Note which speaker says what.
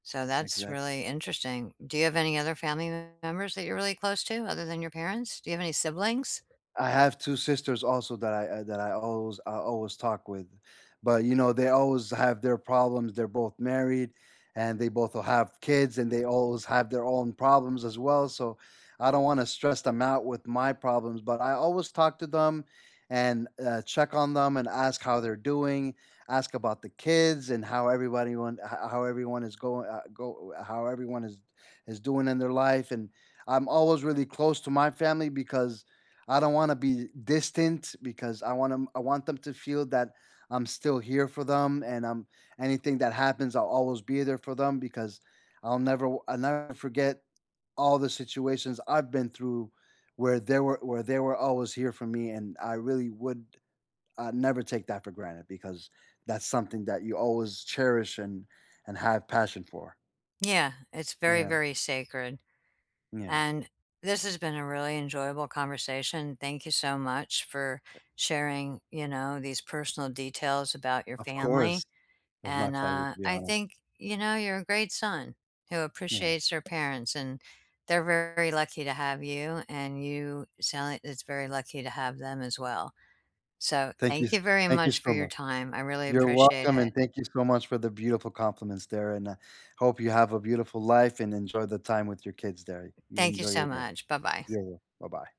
Speaker 1: So, that's
Speaker 2: Exactly.
Speaker 1: really interesting. Do you have any other family members that you're really close to, other than your parents? Do you have any siblings?
Speaker 2: I have 2 sisters also that I I that I always I always talk with, but, you know, they always have their problems, they're both married, and they both will have kids, and they always have their own problems as well, so I don't wanna stress them out with my problems, but I always talk to them, and, uh, check on them, and ask how they're doing, ask about the kids, and how everybody want ho how everyone is going, uh go uh, how everyone is is doing in their life, and I'm always really close to my family, because I don't wanna be distant, because I want 'em I want them to feel that I'm still here for them, and, um, anything that happens I'll always be there for them, because I'll never w I'll never forget all the situations I've been through where they were where they were always here for me, and I really would, uh, never take that for granted, because that's something that you always cherish, and and have passion for.
Speaker 1: Yeah, it's very,
Speaker 2: Yeah.
Speaker 1: very sacred,
Speaker 2: Yeah.
Speaker 1: and this has been a really enjoyable conversation. Thank you so much for sharing, you know, these personal details about your
Speaker 2: Of course,
Speaker 1: family,
Speaker 2: it was my
Speaker 1: and,
Speaker 2: pleasure,
Speaker 1: uh,
Speaker 2: to be
Speaker 1: I
Speaker 2: honest.
Speaker 1: think, you know, you're a great son who
Speaker 2: Yeah.
Speaker 1: appreciates their parents, and they're very lucky to have you, and you sound like it's very lucky to have them as well. So,
Speaker 2: Thank you
Speaker 1: thank
Speaker 2: s
Speaker 1: you very
Speaker 2: thank you
Speaker 1: much for
Speaker 2: so
Speaker 1: your
Speaker 2: much.
Speaker 1: time, I really
Speaker 2: You're
Speaker 1: appreciate
Speaker 2: welcome
Speaker 1: it.
Speaker 2: and thank you so much for the beautiful compliments there, and, uh, hope you have a beautiful life and enjoy the time with your kids there. You
Speaker 1: Thank you
Speaker 2: enjoy
Speaker 1: so
Speaker 2: your day.
Speaker 1: much. Bye bye.
Speaker 2: Yeah, yeah. Bye-bye.